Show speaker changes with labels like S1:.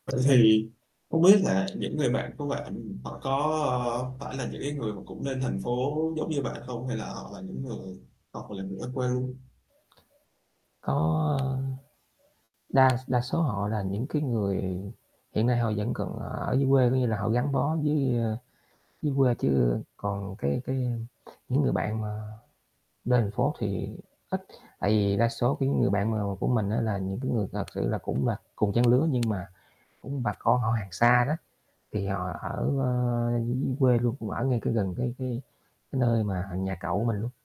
S1: Vậy thì không biết là những người bạn của bạn họ có, ơ, phải là những cái người mà cũng lên thành phố giống như bạn không hay là họ là những người hoặc là người ở quê?
S2: Có, a, đa đa số họ là những cái người hiện nay họ vẫn còn ở dưới quê, có nghĩa là họ gắn bó dưới, ơ, dưới quê chứ còn cái cái những người bạn mà lên thành phố thì ít, tại vì đa số cái người bạn mà của mình á là những cái người thật sự là cũng là cùng trang lứa nhưng mà cũng bà con họ hàng xa đó, thì họ ở, ơ, dưới quê luôn cũng ở ngay cái gần cái cái cái nơi mà nhà cậu mình luôn.